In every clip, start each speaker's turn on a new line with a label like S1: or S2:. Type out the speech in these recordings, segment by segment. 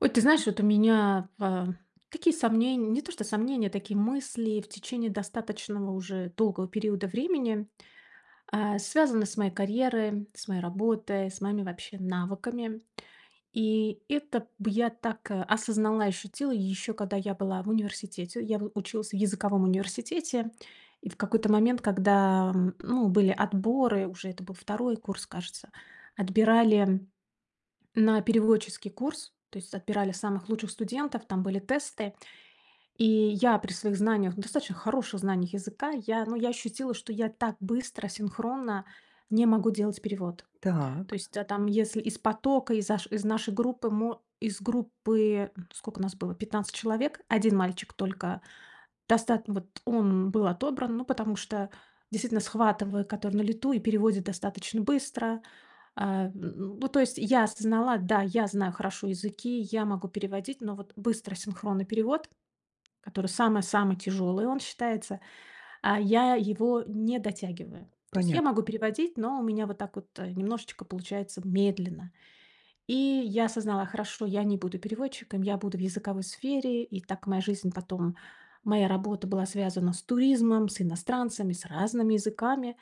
S1: Ой, ты знаешь, вот у меня, а, такие сомнень не то что сомнения, такие мысли в течение достаточного уже долгого периода времени. А, связаны с моей карьерой, с моей работой, с моими вообще навыками. И это б я так, а, осознала и ощутила ещё когда я была в университете. Я в училась в языковом университете и в какой-то момент, когда, м, ну были отборы, уже это был 2 курс, кажется, отбирали на переводческий курс. То есть отбирали самых лучших студентов, там были тесты. И я при своих знаниях, достаточно хороших знаниях языка, я ну я ощутила, что я так быстро, синхронно не могу делать перевод. То
S2: Так.
S1: есть, а, там если из потока, из аш из нашей группы, мо из группы, м, скока нас было? 15 человек. 1 мальчик только, достат вот он был отобран. Ну потому что действительно схватывает который на лету и переводит достаточно быстро. Ам, м, ну то есть я осознала, да, я знаю хорошо языки, я могу переводить, но вот быстро синхронный перевод, который самый-самый тяжёлый он считается, а я его не дотягиваю. То есть я могу
S2: Понятно.
S1: переводить, но у меня вот так вот, немножечко получается медленно. И я осознала: хорошо я не буду переводчиком, я буду в языковой сфере. И так моя жизнь, потом моя работа была связана с туризмом, с иностранцами, с разными языками.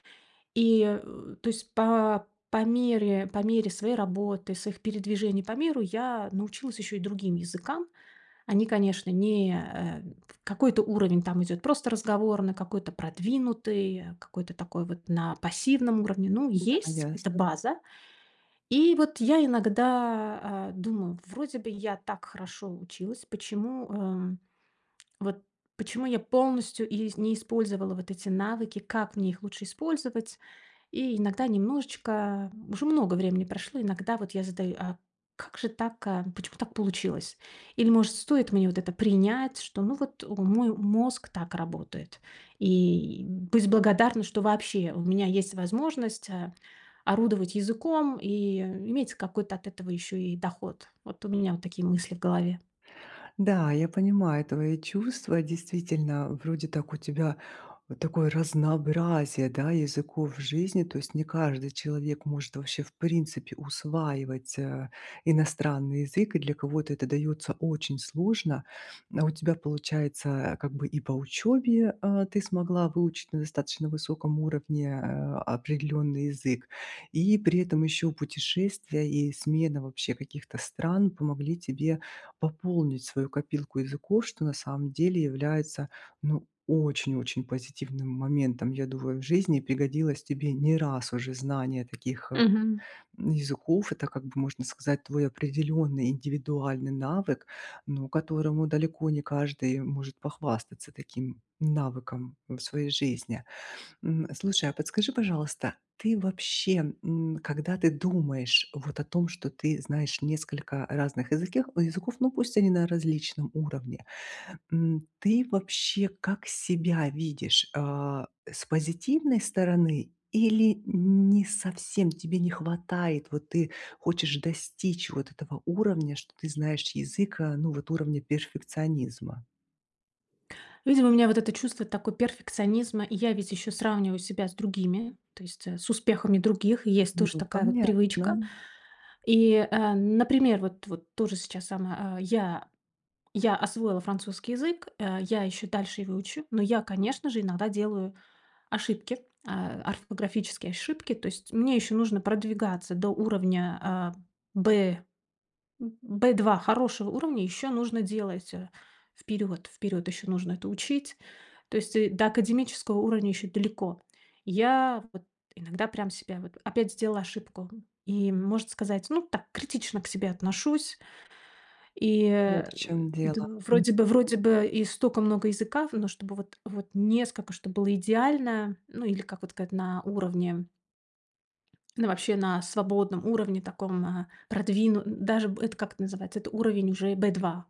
S1: И, э, то есть па по мере по мере своей работы, своих передвижений по миру, я научилась ещё и другим языкам. Они конечно, не, эм, в какой-то уровень там идёт просто разговорный, какой-то продвинутый, э, какой-то такой вот на пассивном уровне. Ну,
S2: Да,
S1: есть эта
S2: ясно.
S1: база. И вот я иногда, а, думаю: вроде бы я так хорошо училась. Почему, эм, вот почему я полностью изь не использовала вот эти навыки? Как мне их лучше использовать? И иногда немножечко, уже много времени прошло, иногда вот я задаю: "А как же так, а, почему так получилось?" Или может стоит мне вот это принять, что ну вот, э, мой мозг так работает? И, м, быть благодарна, что вообще у меня есть возможность, а, орудовать языком и иметь какой-то от этого ещё и доход. Вот у меня вот такие мысли в голове.
S2: Да, я понимаю твои чувства. Действительно, вроде так у тебя вот такое разнообразие, да, языков в жизни. То есть не каждый человек может вообще в принципе усваивать, э, иностранный язык и для кого-то это даётся очень сложно. А у тебя получается, э, как бы и по учёбе, а, ты смогла выучить на достаточно высоком уровне, а, определённый язык. И при этом ещё путешествия и смена вообще каких-то стран помогли тебе пополнить свою копилку языков. Что на самом деле является ну очень-очень позитивным моментом, я думаю, в жизни. И пригодилось тебе не раз уже знание таких, э,
S1: Мгм.
S2: м, языков. Это как бы можно сказать твой определённый индивидуальный навык, ну которому далеко не каждый может похвастаться таким навыком в своей жизни. М, слушай, а подскажи пожалуйста, ты вообще, м, когда ты думаешь вот о том, что ты знаешь несколько разных языкех языков, ну пусть они на различном уровне, м, ты вообще как себя видишь? А, с позитивной стороны или не совсем тебе- не хватает? Вот ты хочешь достичь вот этого уровня, что ты знаешь язык, э, ну вот уровня перфекционизма?
S1: Видимо у меня вот это чувство такой перфекционизма. Я ведь ещё сравниваю себя с другими, то есть, э, с успехами других. Есть тож
S2: Ну
S1: такая вот привычка.
S2: понятно.
S1: И, эм, например, вот вот тоже сейчас сама, а, я я освоила французский язык, э, я ещё дальше его учу. Но я конечно же, иногда делаю ошибки, э, орфографические ошибки. То есть мне ещё нужно продвигаться до уровня, а, Б, м, м, Б2, хорошего уровня. Ещё нужно делать, э, вперёд вперёд ещё нужно это учить. То есть, э, до академического уровня ещё далеко. Я вот иногда прям себя вот опять сделала ошибку. И может сказать, ну так критично к себе отношусь. И,
S2: Вот
S1: э,
S2: в
S1: м,
S2: чём
S1: д
S2: дело, мгм.
S1: вроде бы вроде бы и стока много языка в но чтобы вот вот несколько, чтоб было идеально. Ну или как вот сказать на уровне. Но вообще на свободном уровне таком, а, продвину н даже б это как эт называется? Это уровень уже Б2-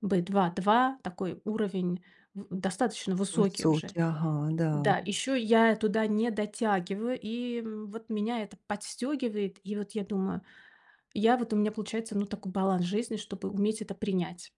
S1: Б2, 2, такой уровень в достаточно высокий уже,
S2: Высокий, ага, да.
S1: да. Ещё я туда не дотягиваю и, м, вот меня это подстёгивает. И вот я думаю: я вот у меня получается ну такой баланс жизни, чтобы уметь это принять.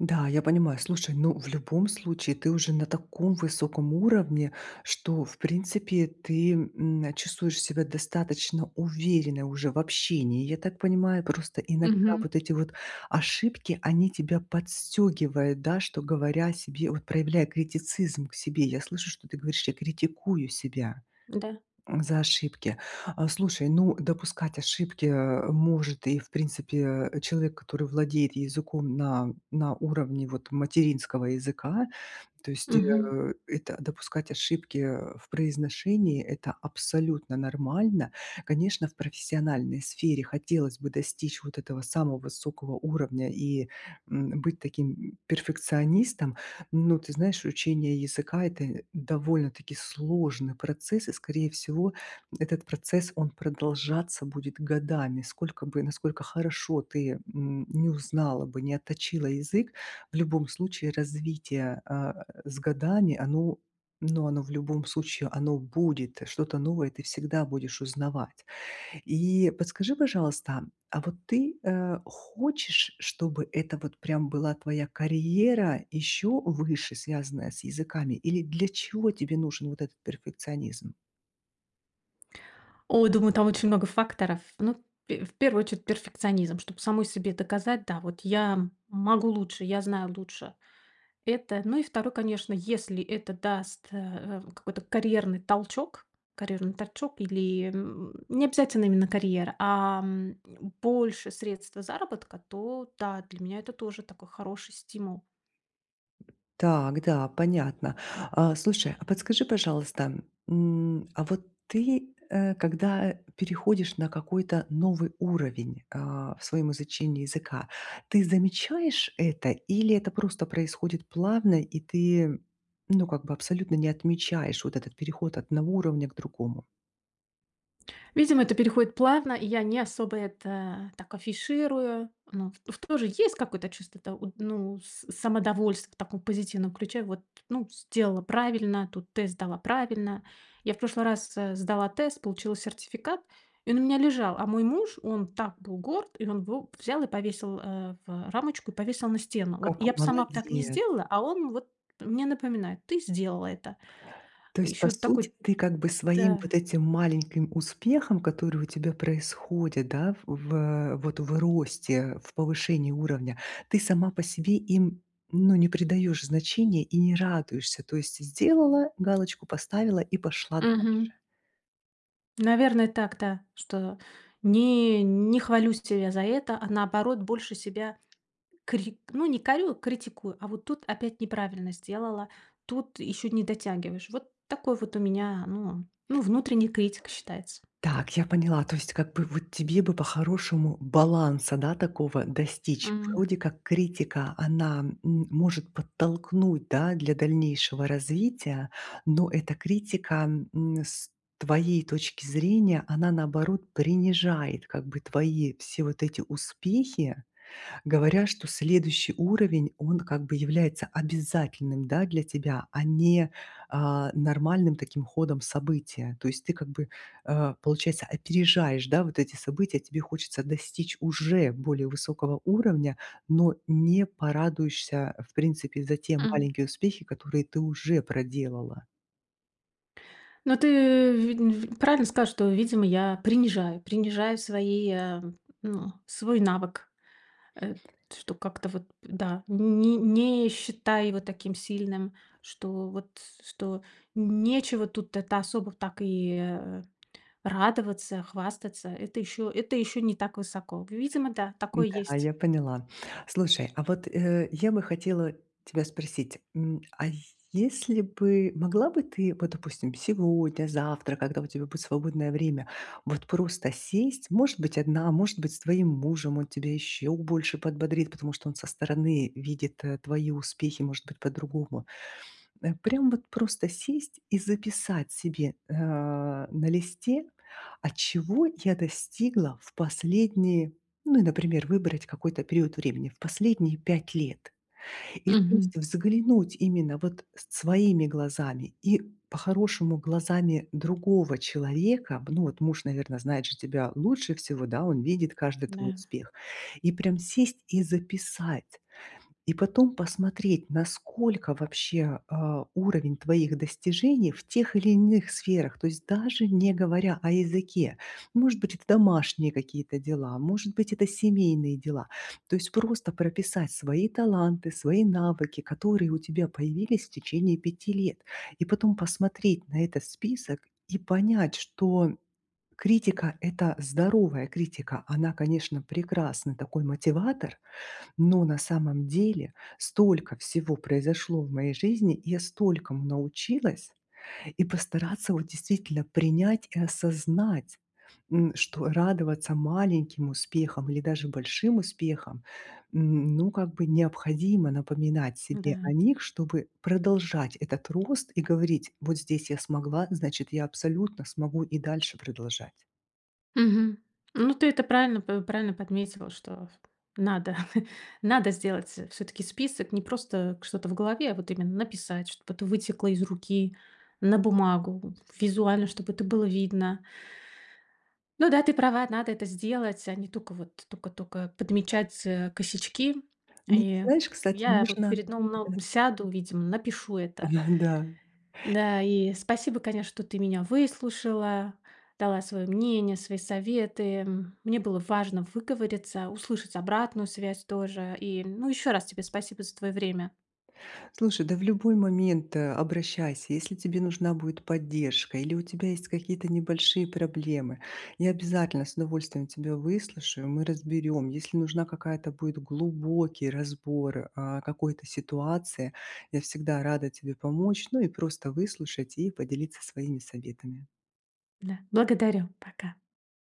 S2: Да, я понимаю. Слушай, ну в любом случае ты уже на таком высоком уровне, что в принципе ты, м, чувствуешь себя достаточно уверенной уже в общении, я так понимаю. Просто иногда
S1: Мгм.
S2: вот эти вот ошибки они тебя подстёгивают, да, что говоря о себе вот проявляя критицизм к себе. Я слышу, что ты говоришь: "Я критикую себя,
S1: Да.
S2: м, за ошибки". А слушай, ну допускать ошибки, э, может и в принципе, э, человек, который владеет языком на на уровне вот материнского языка. То есть,
S1: Мгм.
S2: э, это допускать ошибки, э, в произношении это абсолютно нормально. Конечно, в профессиональной сфере хотелось бы достичь вот этого самого высокого уровня и, м, быть таким, м, перфекционистом. Но ты знаешь, учение языка это довольно-таки сложный процесс и скорее всего, этот процесс он продолжаться будет годами. Сколько бы насколько хорошо ты, м, не узнала бы, не отточила язык. В любом случае развитие, а, с годами оно, ну, оно в любом случае оно будет. Что-то новое ты всегда будешь узнавать. И подскажи, пожалуйста, а вот ты, а, хочешь, чтобы это вот прям была твоя карьера ещё выше связанная с языками или для чего тебе нужен вот этот перфекционизм?
S1: Ой, думаю, там очень много факторов. Ну пь в первую очередь, перфекционизм, чтоб самой себе доказать. Да, вот я, м, могу лучше, я знаю лучше это. Ну и второе, конечно, если это даст, э, э, в какой-то карьерный толчок, карьерный торчок или, м, не обязательно именно карьера. Ам, больше средства заработка, то да, для меня это тоже такой хороший стимул.
S2: Так да, понятно. А слушай, а подскажи пожалуйста, м, а вот ты, э, когда, э, переходишь на какой-то новый уровень, а, в своём изучении языка, ты замечаешь это или это просто происходит плавно? И ты, ну, как бы абсолютно не отмечаешь вот этот переход от одного уровня к другому?
S1: Видимо это переходит плавно и я не особо это так афиширую. Ну ф в тоже есть какое-то чувство это уд ну с самодовольства в таком позитивном ключе. Вот ну ф сделала правильно, тут тест сдала правильно. Я в прошлый раз, э, сдала тест, получила сертификат и он у меня лежал. А мой муж, он так был горд и он ву взял и повесил, э, в рамочку, повесил на стену. Вот я
S2: Какой
S1: б сама б так не
S2: молодец.
S1: сделала, а он вот мне напоминает: ты сделала это.
S2: То есть
S1: Ещё
S2: по
S1: и
S2: сути,
S1: такой
S2: ты как бы своим вот
S1: да
S2: этим маленьким успехам, который у тебя происходит, да. В в, э, вот в росте, э, в повышении уровня, ты сама по себе им, ну, не придаёшь значения и не радуешься? То есть сделала, галочку поставила и пошла
S1: Мгм.
S2: дальше.
S1: Наверное, так, да, что не не хвалюсь тебе за это, а наоборот, больше себя кри ну, не корю- критикую: "А вот тут опять неправильно сделала, тут ещё не дотягиваешь". Вот такой вот у меня, ну ну, внутренний критик считается.
S2: Так я поняла. То есть как бы вот тебе бы по-хорошему баланса, да, такого достичь.
S1: Мгм.
S2: Вроде как критика, она, м, может подтолкнуть, да, для дальнейшего развития. Но эта критика, м, с твоей точки зрения, она, наоборот, принижает как бы твои все вот эти успехи, говоря, что следующий уровень, он как бы является обязательным, да, для тебя, а не, а, нормальным таким ходом события. То есть ты как бы, а, получается, опережаешь, да, вот эти события, тебе хочется достичь уже более высокого уровня, но не порадуешься, а, в принципе за те
S1: М.
S2: маленькие успехи, которые ты уже проделала.
S1: Но ты, ви ви правильно сказал, что, видимо, я принижаю принижаю свои, ам, ну, свой навык, э, что как-то вот п да, ни не считаю его таким сильным, что вот с что нь нечего тут это особо в так и, э, радоваться, хвастаться. Это ещё это ещё не так высоко. Видимо, да, такое
S2: М-да,
S1: есть.
S2: я поняла. Слушай, а вот, э, я бы хотела тебя спросить, м, а если бы могла бы ты, вот допустим, сегодня-завтра, когда у тебя будет свободное время. Вот просто сесть, может быть одна, может быть с твоим мужем- он тебя ещё больше подбодрит, потому что он со стороны видит, э, твои успехи, может быть по-другому. Э, прям вот просто сесть и записать себе, э, на листе: а чего я достигла в последние, ну и, например, выбрать какой-то период времени- в последние 5 лет. И, то
S1: Мгм.
S2: есть, взглянуть именно вот своими глазами и, по-хорошему, глазами другого человека. Б ну вот муж, наверно, знает же тебя лучше всего. Да, он видит каждый твой
S1: Да.
S2: успех. И прям сесть и записать. И потом посмотреть, насколько вообще, а, уровень твоих достижений в тех или иных сферах То есть даже не говоря о языке. Может быть, это домашние какие-то дела, может быть, это семейные дела. То есть просто прописать свои таланты, свои навыки, которые у тебя появились в течение 5 лет. И потом посмотреть на этот список и понять, что, м, критика, это здоровая критика, она, конечно, прекрасный такой мотиватор, но на самом деле столько всего произошло в моей жизни. Я столькому научилась. И постараться вот действительно принять и осознать, м, что радоваться маленьким успехам или даже большим успехам, м, ну как бы необходимо напоминать себе
S1: Да.
S2: о них, чтобы продолжать этот рост и говорить: "Вот здесь я смогла, значит я абсолютно смогу и дальше продолжать".
S1: Мгм, ну, ты это правильно по правильно подметила, что надо, надо сделать, э, всё-таки список. Не просто к что-то в голове, а вот именно написать, чтобы это вытекло из руки на бумагу визуально, чтобы это было видно. Ну да, ты права, надо это сделать, а не только вот тока тока подмечать, э, косячки.
S2: Ну, ты
S1: И
S2: знаешь, кстати,
S1: я вот
S2: можно
S1: перед ноум ноум
S2: да.
S1: сяду, видимо, напишу это.
S2: Ага, да.
S1: Да и спасибо, конечно, что ты меня выслушала, дала своё мнение, свои советы, м. Мне было важно выговориться, услышать обратную связь тоже. И, м, ну, ещё раз тебе спасибо за твоё время.
S2: Слушай, да в любой момент, э, обращайся. Если тебе нужна будет поддержка или у тебя есть какие-то небольшие проблемы, я обязательно с удовольствием тебя выслушаю. Мы разберем. Если нужна какая-то будет глубокий разбор, а, какой-то ситуации, я всегда рада тебе помочь. Ну и просто выслушать и поделиться своими советами.
S1: Да, благодарю, пока.